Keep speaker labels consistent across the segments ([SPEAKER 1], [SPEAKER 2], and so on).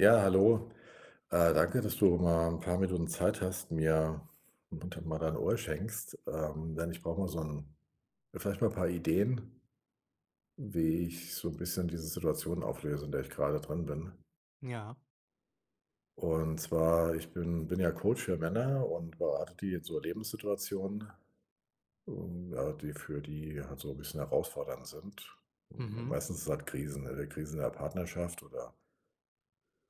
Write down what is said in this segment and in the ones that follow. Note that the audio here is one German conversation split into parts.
[SPEAKER 1] Ja, hallo. Äh, danke, dass du mal 'n paar Minuten Zeit hast, mir mal dein Ohr schenkst, ähm, denn ich brauch mal so 'n vielleicht mal 'n paar Ideen wie ich so 'n bisschen diese Situation auflöse, in der ich grade drin bin.
[SPEAKER 2] Ja.
[SPEAKER 1] Und zwar, ich bin bin ja Coach für Männer und berate die in so Lebenssituationen, und ja, die für die halt so 'n bisschen herausfordernd sind.
[SPEAKER 2] Mhm.
[SPEAKER 1] Meistens sind halt Krisen, ne, die Krisen in der Partnerschaft oder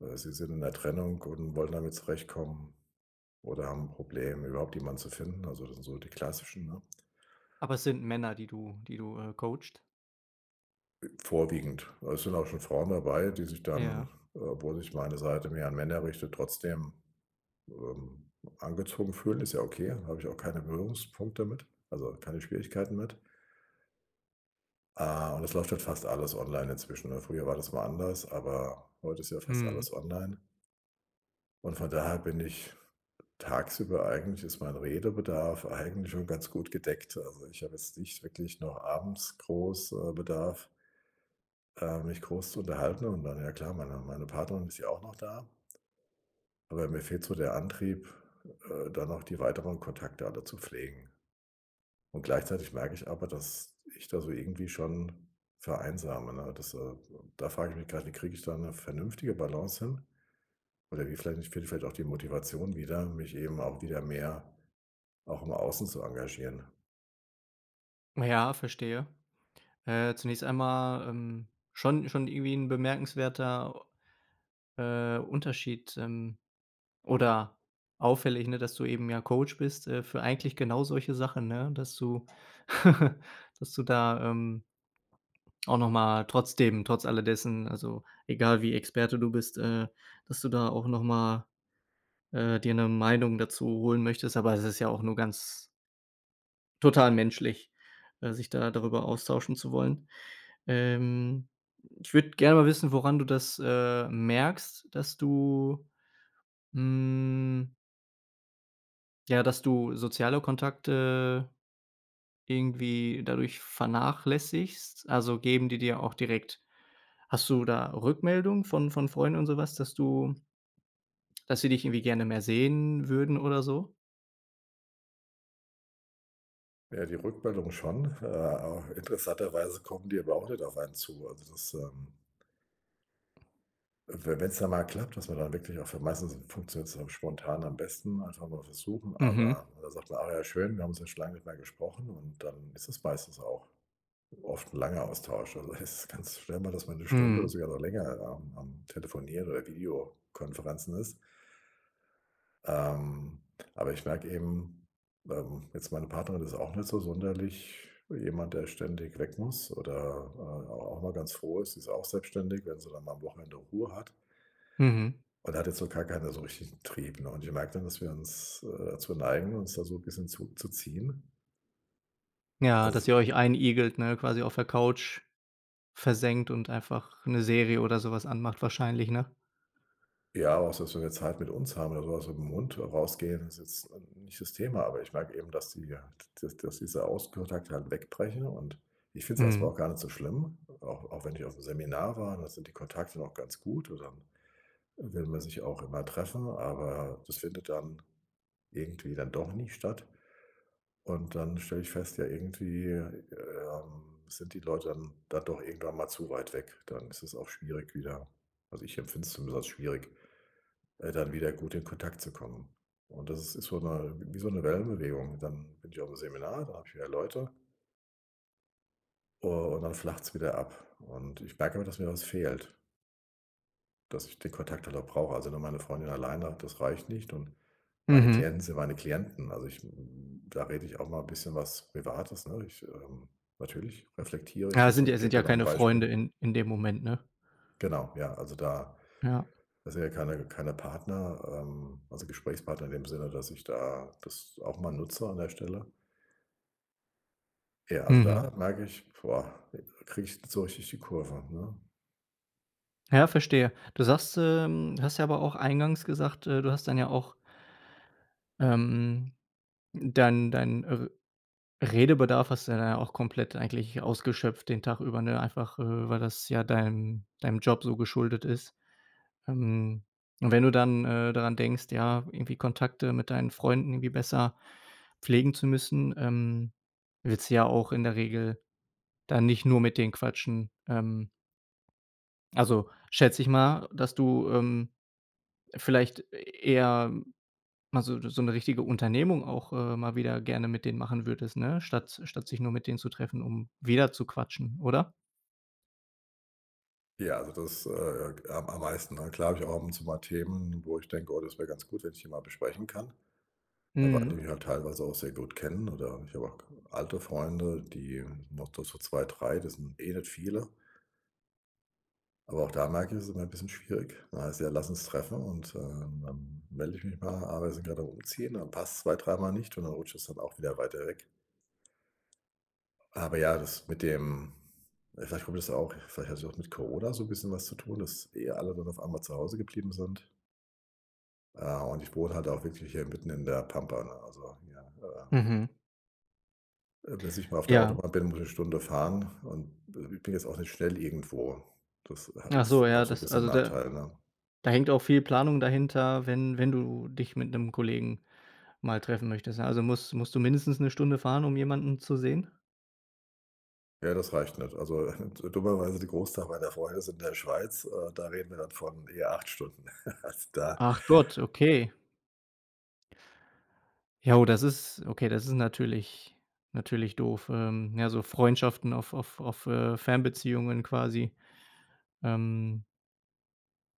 [SPEAKER 1] oder sie sind in 'ner Trennung und wollen damit zurechtkommen oder haben 'n Problem, überhaupt jemanden zu finden. Also, das sind so die Klassischen, ne?
[SPEAKER 2] Aber es sind Männer, die du die du, äh, coachst?
[SPEAKER 1] Ä vorwiegend. Da sind auch schon Frauen dabei, die sich
[SPEAKER 2] Ja.
[SPEAKER 1] dann, äh- obwohl sich meine Seite mehr an Männer richtet- trotzdem, ähm, angezogen fühlen. Ist ja okay, hab ich auch keine Berührungspunkte mit, also, keine Schwierigkeiten mit. Ah. Und es läuft halt fast alles online inzwischen ne? Früher war das mal anders, aber heute ist ja fast
[SPEAKER 2] Mhm.
[SPEAKER 1] alles online. Und von daher bin ich tagsüber eigentlich, ist mein Redebedarf eigentlich schon ganz gut gedeckt. Also, ich hab jetzt nicht wirklich noch abends groß, äh, Bedarf äh, mich groß zu unterhalten. Und dann ja klar, meine meine Partnerin ist ja auch noch da. Aber mir fehlt so der Antrieb, äh, da noch die weiteren Kontakte alle zu pflegen. Und gleichzeitig merke ich aber, dass ich da so irgendwie schon vereinsame, ne? Das, äh also, da frag ich mich gleich, wie kriege ich da eine vernünftige Balance hin? Oder wie vielleicht finde ich vielleicht auch die Motivation wieder, mich eben auch wieder mehr auch im außen zu engagieren.
[SPEAKER 2] Naja, verstehe. Äh, zunächst einmal, ähm, schon schon irgendwie 'n bemerkenswerter, äh, Unterschied, ähm oder auffällig, ne, dass du eben, ja, Coach bist, äh, für eigentlich genau solche Sachen, ne, dass du dass du da, ähm auch noch mal trotzdem, trotz alle dessen, also, egal wie Experte du bist äh, dass du da auch noch mal, äh, dir 'ne Meinung dazu holen möchtest, aber es ist ja auch nur ganz total menschlich, äh, sich da darüber austauschen zu wollen. Ähm, ich würde gerne mal wissen, woran du das, äh, merkst, dass du, hm ja, dass du soziale Kontakte irgendwie dadurch vernachlässigst? Also, geben die dir auch direkt Hast du da Rückmeldungen von von Freunden und so was, dass du dass sie dich irgendwie gerne mehr sehen würden oder so?
[SPEAKER 1] Ja, die Rückmeldung schon. Äh, interessanterweise kommen die aber auch nicht auf einen zu. Also das, ähm We wenn's dann mal klappt, dass man dann wirklich auch für meistens funktioniert's dann spontan am besten, einfach mal versuchen.
[SPEAKER 2] Mhm.
[SPEAKER 1] Aber da sagt man: „Ah ja, schön, wir haben uns jetzt schon lange nicht mehr gesprochen“, und dann ist es meistens auch oft 'n langer Austausch. Also das ist ganz schnell mal, dass man 'ne Stunde oder
[SPEAKER 2] Mhm.
[SPEAKER 1] sogar noch länger am am Telefoniere oder Videokonferenzen ist. Ähm. Aber ich merke eben ähm, jetzt meine Partnerin ist auch nicht so sonderlich jemand, der ständig weg muss oder, äh, au auch mal ganz froh ist sie ist auch selbstständig, wenn sie dann mal am Wochenende Ruhe hat.
[SPEAKER 2] Mhm.
[SPEAKER 1] Und da hat jetzt noch gar keiner so 'n richtigen Trieb, ne? Und ich merke dann, dass wir uns äh, dazu neigen, uns da so 'n bisschen zurückzuziehen.
[SPEAKER 2] Ja, dass
[SPEAKER 1] Also
[SPEAKER 2] ihr euch einigelt, ne, quasi auf der Couch versenkt und einfach 'ne Serie oder so was anmacht wahrscheinlich, ne?
[SPEAKER 1] Ja. Auch so, wenn wir jetzt Zeit mit uns haben oder so auch mit dem Hund rausgehen, ist jetzt nicht das Thema, aber ich merke eben, dass die ja, dass dass diese Außenkontakte halt weg brechen. Und ich find's erst mal
[SPEAKER 2] Mhm.
[SPEAKER 1] auch gar nicht so schlimm. Auch auch wenn ich aufm Seminar war, da sind die Kontakte noch ganz gut und dann will man sich auch immer treffen, aber das findet dann irgendwie dann doch nie statt. Und dann stelle ich fest, ja irgendwie, ähm, sind die Leute dann dann doch irgendwann mal zu weit weg. Dann ist es auch schwierig wieder. Also, ich empfind's zumindest als schwierig, äh, dann wieder gut in Kontakt zu kommen. Und das ist ist so 'ne wie so 'ne Wellenbewegung. Dann bin ich aufm Seminar, da habe ich wieder Leute. U und dann flacht's wieder ab. Und ich merke immer, dass mir was fehlt. Dass ich den Kontakt halt auch brauche. Also, ne, meine Freundin alleine das reicht nicht und meine
[SPEAKER 2] Mhm.
[SPEAKER 1] Klienten sind meine Klienten. Also ich, da rede ich auch mal 'n bisschen was Privates, ne? Ich, ähm natürlich reflektiere ich
[SPEAKER 2] Ja, das
[SPEAKER 1] das
[SPEAKER 2] sind ja
[SPEAKER 1] und geb
[SPEAKER 2] sind ja
[SPEAKER 1] dann auch 'n
[SPEAKER 2] keine Freunde
[SPEAKER 1] Beispiel.
[SPEAKER 2] in in dem Moment, ne?
[SPEAKER 1] Genau, ja, also da
[SPEAKER 2] Ja.
[SPEAKER 1] das sind ja keine keine Partner, ähm also Gesprächspartner in dem Sinne, dass ich da das auch mal nutze an der Stelle. Ja, also
[SPEAKER 2] Mhm.
[SPEAKER 1] da merke ich, boah: Da kriege ich nicht so richtig die Kurve, ne?
[SPEAKER 2] Ja, verstehe. Du sagst, ähm, du hast ja aber auch eingangs gesagt, äh, du hast dann ja auch ähm, dann dein, äh Redebedarf hast du dann ja auch komplett eigentlich ausgeschöpft den Tag über, ne? Einfach, äh, weil das ja deinen deinem Job so geschuldet ist. Ähm, und wenn du dann, äh, daran denkst, ja, irgendwie Kontakte mit deinen Freunden irgendwie besser pflegen zu müssen, ähm, willst du ja auch in der Regel dann nicht nur mit den quatschen. Ähm also, schätze ich mal, dass du, ähm, vielleicht eher mal so so 'ne richtige Unternehmung auch, äh, mal wieder gerne mit denen machen würdest, ne? Statt statt sich nur mit denen zu treffen, um wieder zu quatschen, oder?
[SPEAKER 1] Ja, also das, äh, am am meisten, na klar habe ich auch ab und zu mal Themen, wo ich denke: „Oh, das wär ganz gut, wenn ich die mal besprechen kann“. Ja, weil die
[SPEAKER 2] Mhm.
[SPEAKER 1] mich halt teilweise auch sehr gut kennen oder ich habe auch alte Freunde, die noch do so 2, 3, das sind eh nicht viele. Aber auch da merke ich, es ist immer 'n bisschen schwierig. Dann heißt es: „Ja, lass uns treffen“ und, ähm, ähm, melde ich mich mal, aber wir sind grad am Umziehen, dann passt's zwei, dreimal nicht, und dann rutscht das dann auch wieder weiter weg. Aber ja, das mit dem vielleicht kommt das auch vielleicht hat es auch mit Corona so 'n bisschen was zu tun, dass eh alle nun auf einmal zu Hause geblieben sind. Äh, und ich wohn halt auch wirklich hier mitten in der Pampa, ne? Also, ja, äh
[SPEAKER 2] Mhm.
[SPEAKER 1] Äh, bis ich mal auf der
[SPEAKER 2] Ja.
[SPEAKER 1] Autobahn bin, muss ich 'ne Stunde fahren, und ich be bin jetzt auch nicht schnell irgendwo. Das ha
[SPEAKER 2] Ach so,
[SPEAKER 1] ist auch
[SPEAKER 2] ja,
[SPEAKER 1] so 'n
[SPEAKER 2] das
[SPEAKER 1] bisschen
[SPEAKER 2] also, da
[SPEAKER 1] Nachteil, ne?
[SPEAKER 2] da hängt auch viel Planung dahinter, wenn wenn du dich mit 'nem Kollegen mal treffen möchtest? Also, muss musst du mindestens 'ne Stunde fahren, um jemanden zu sehen?
[SPEAKER 1] Ja, das reicht nicht. Also, dummerweise die Großteil meiner Freunde sind in der Schweiz, äh, da reden wir dann von eher 8 Stunden. Also, da
[SPEAKER 2] Ach Gott, okay. Ja, das ist okay, das ist natürlich natürlich doof. Ähm, ja, so Freundschaften auf auf auf, äh, Fernbeziehungen quasi, ähm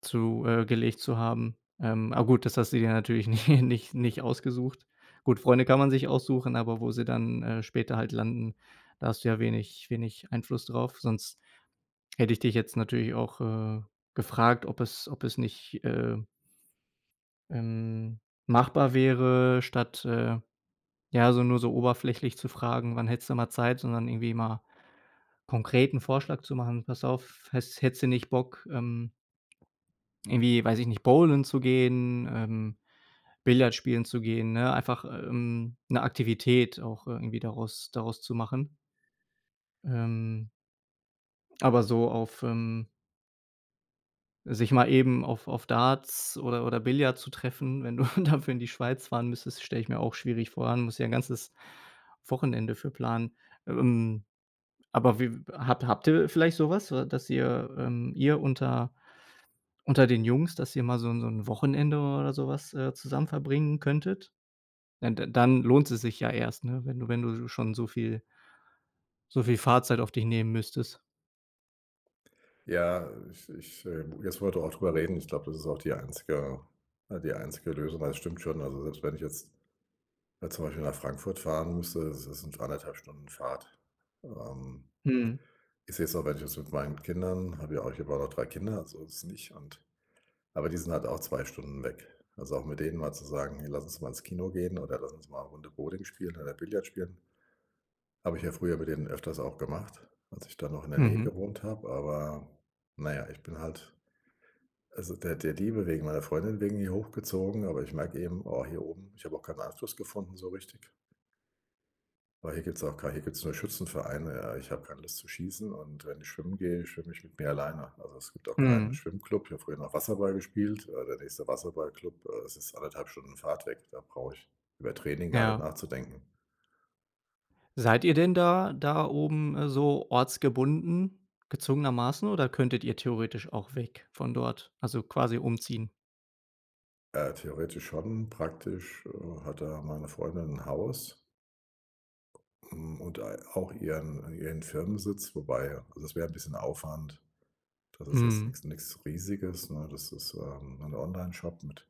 [SPEAKER 2] zu äh, gelegt zu haben. Ähm, a gut, das hast du dir natürlich nicht nicht nicht ausgesucht. Gut, Freunde kann man sich aussuchen, aber wo sie dann, äh, später halt landen, da hast du ja wenig wenig Einfluss drauf, sonst hätte ich dich jetzt natürlich auch, äh, gefragt, ob es ob es nicht, äh ähm, machbar wäre, statt, äh, ja, so nur so oberflächlich zu fragen: „Wann hättest du mal Zeit?“, sondern irgendwie mal konkret 'n Vorschlag zu machen: „Pass auf, häss hättest du nicht Bock, ähm irgendwie, weiß ich nicht, Bowlen zu gehen, ähm, Billard spielen zu gehen?“ Ne, einfach, ähm, 'ne Aktivität auch irgendwie daraus daraus zu machen. Ähm. Aber so auf, ähm sich mal eben auf auf Darts oder oder Billard zu treffen, wenn du dafür in die Schweiz fahren müsstest, stelle ich mir auch schwierig vor allem musst ja 'n ganzes Wochenende für planen. Ähm, aber wie habt habt ihr vielleicht so was, wa dass ihr ähm, ihr unter unter den Jungs, dass ihr mal so 'n so 'n Wochenende oder so was, äh, zusammen verbringen könntet? Da da dann lohnt es sich ja erst, ne, wenn du wenn du sch schon so viel so viel Fahrzeit auf dich nehmen müsstest.
[SPEAKER 1] Ja, ich ich äh, jetzt wo wir da auch drüber reden, ich glaube, das ist auch die einzige ne, die einzige Lösung, ja, das stimmt schon. Also, selbst wenn ich jetzt, ne, zum Beispiel nach Frankfurt fahren müsste, das sind 1,5 Stunden Fahrt. Ähm,
[SPEAKER 2] Mhm.
[SPEAKER 1] ich seh's auch wenn ich jetzt mit meinen Kindern habe ja auch ich habe ja auch noch 3 Kinder, so ist es nicht, und aber die sind halt auch 2 Stunden weg. Also, auch jetzt mit denen mal zu sagen: „Hey, lass uns mal ins Kino gehen oder lass uns mal Runde Bowling spielen, oder Billard spielen.“ Habe ich ja früher mit denen öfters auch gemacht, als ich dann noch in der Nähe
[SPEAKER 2] Mhm.
[SPEAKER 1] gewohnt habe. Aber na ja, ich bin halt, also, der der Liebe wegen, meiner Freundin wegen hier hochgezogen, aber ich merke eben, oh, hier oben, ich habe auch keinen Anschluss gefunden so richtig. Aber hier gibt's auch kei hier gibt's nur Schützenvereine, ja. Ich habe keine Lust zu schießen und wenn ich schwimmen gehe, schwimme ich mit mir alleine. Also, es gibt auch keinen
[SPEAKER 2] Mhm.
[SPEAKER 1] Schwimmclub. Ich habe früher noch Wasserball gespielt, äh, der nächste Wasserballclub äh, das ist 1,5 Stunden Fahrt weg. Da brauche ich über Training gar nicht
[SPEAKER 2] Ja.
[SPEAKER 1] nachzudenken.
[SPEAKER 2] Seid ihr denn da da oben, äh, so ortsgebunden, gezwungenermaßen oder könntet ihr theoretisch auch weg von dort, also quasi umziehen?
[SPEAKER 1] Äh, theoretisch schon praktisch, äh, hat da meine Freundin 'n Haus. Hm, und ei auch ihren ihren Firmensitz, wobei, das wär 'n bisschen Aufwand. Da das ist jetzt
[SPEAKER 2] Mhm.
[SPEAKER 1] nix nix Riesiges, ne? Das ist, ähm, 'n Onlineshop mit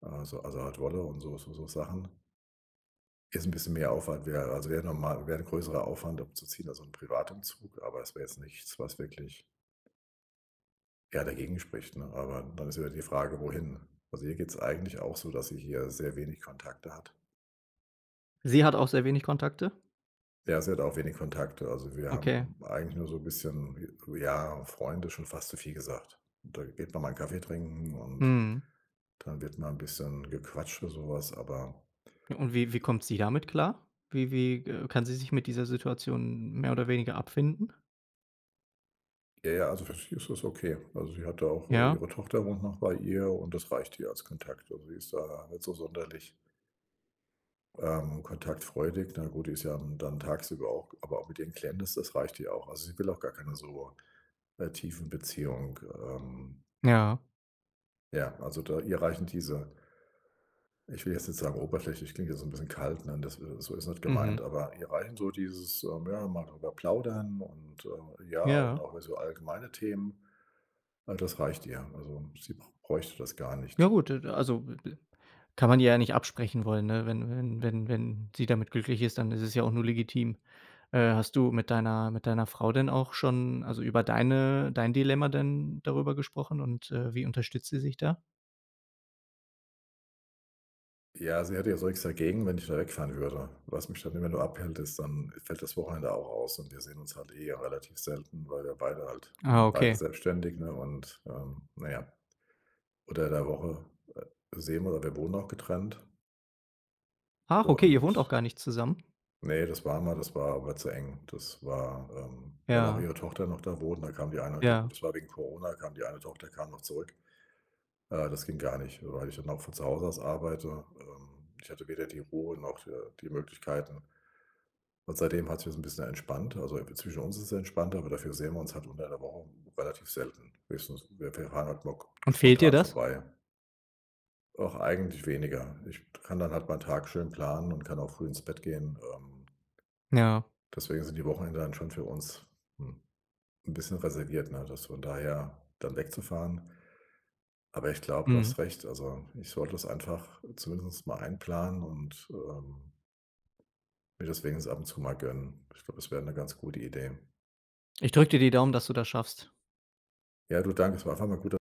[SPEAKER 1] also also Art Wolle und so so so Sachen. Jetzt 'n bisschen mehr Aufwand wäre also, wäre normal wäre 'n größerer Aufwand abzuziehen, also 'n Privatumzug, aber es wäre jetzt nichts, was wirklich ja, dagegen spricht, ne? Aber dann ist wieder die Frage, wohin. Also, ihr geht's eigentlich auch so, dass sie hier sehr wenig Kontakte hat.
[SPEAKER 2] Sie hat auch sehr wenig Kontakte?
[SPEAKER 1] Ja, sie hat auch wenig Kontakte. Also, wir haben
[SPEAKER 2] Okay.
[SPEAKER 1] eigentlich nur so 'n bisschen ja, Freunde ist schon fast zu viel gesagt. Da geht man mal 'n Kaffee trinken und
[SPEAKER 2] Mhm.
[SPEAKER 1] dann wird mal 'n bisschen gequatscht oder so was, aber
[SPEAKER 2] Und wie wie kommt sie damit klar? Wie wie g äh, kann sie sich mit dieser Situation mehr oder weniger abfinden?
[SPEAKER 1] Äh, ja, also für sie ist das okay. Also sie hat da auch äh,
[SPEAKER 2] Ja?
[SPEAKER 1] ihre Tochter wohnt noch bei ihr und das reicht ihr als Kontakt. Also, sie ist da nicht so sonderlich ähm, kontaktfreudig. Na gut, die ist ja, hm, dann tagsüber auch, g aber auch mit ihren Klienten ist das reicht hier auch. Also, sie will auch gar keine so, äh, tiefen Beziehungen, ähm
[SPEAKER 2] Ja.
[SPEAKER 1] Ja, also da ihr reichen diese ich will jetzt nicht sagen oberflächlich klingt jetzt so 'n bisschen kalt, ne, das so ist nicht
[SPEAKER 2] Mhm.
[SPEAKER 1] gemeint, aber ihr reichen so dieses ähm, ja, mal drüber plaudern und, äh, ja, und
[SPEAKER 2] Ja.
[SPEAKER 1] auch mehr so allgemeine Themen, all das reicht ihr. Also sie br bräuchte das gar
[SPEAKER 2] Ja
[SPEAKER 1] nicht.
[SPEAKER 2] gut, e d also kann man ja ihr nicht absprechen wollen, ne, wenn wenn wenn wenn sie damit glücklich ist, dann ist es ja auch nur legitim. Äh, hast du mit deiner mit deiner Frau denn auch schon also über deine dein Dilemma denn darüber gesprochen und, äh, wie unterstützt sie sich da?
[SPEAKER 1] Ja, sie hätte ja so nix dagegen, wenn ich da wegfahren würde. Was mich dann immer nur abhält ist, dann fällt das Wochenende auch aus und wir sehen uns halt eh relativ selten, weil wir beide halt
[SPEAKER 2] Ah,
[SPEAKER 1] beide
[SPEAKER 2] okay.
[SPEAKER 1] selbstständig, ne? Und, ähm, na ja. Unter der Woche, äh, sehen wir oder wir wohnen auch getrennt.
[SPEAKER 2] Ach, okay, ihr wohnt auch
[SPEAKER 1] Und
[SPEAKER 2] gar nicht zusammen?
[SPEAKER 1] Ne, das war mal, das war aber zu eng. Das war, ähm, weil auch
[SPEAKER 2] Ja.
[SPEAKER 1] ihre Tochter noch da wohnt da kam die eine gut,
[SPEAKER 2] Ja.
[SPEAKER 1] das war wegen Corona kam die eine Tochter kam noch zurück. Äh, das ging gar nicht, weil ich dann auch von zu Hause arbeite. Ähm, ich hatte weder die Ruhe noch, äh, die Möglichkeit und seitdem hat's mir so 'n bisschen entspannt, also, ir zwischen uns ist es entspannter, aber dafür sehen wir uns halt unter der Woche relativ selten, höchstens, wir wir fahren halt mal
[SPEAKER 2] Und fehlt dir
[SPEAKER 1] spontan
[SPEAKER 2] das?
[SPEAKER 1] vorbei. Ach, eigentlich weniger. Ich kann dann halt meinen Tag schön planen und kann auch früh ins Bett gehen, ähm
[SPEAKER 2] Ja.
[SPEAKER 1] deswegen sind die Wochenenden dann schon für uns, hm, 'n bisschen reserviert, ne? Das von daher dann wegzufahren aber ich glaube, du
[SPEAKER 2] Mhm.
[SPEAKER 1] hast recht, also, ich sollte das einfach zumindest mal einplanen, und, ähm mir das wenigstens ab und zu mal gönnen. Ich glaube, das wäre 'ne ganz gute Idee.
[SPEAKER 2] Ich drücke dir die Daumen, dass du das schaffst.
[SPEAKER 1] Ja, du, danke, es war einfach mal gut da.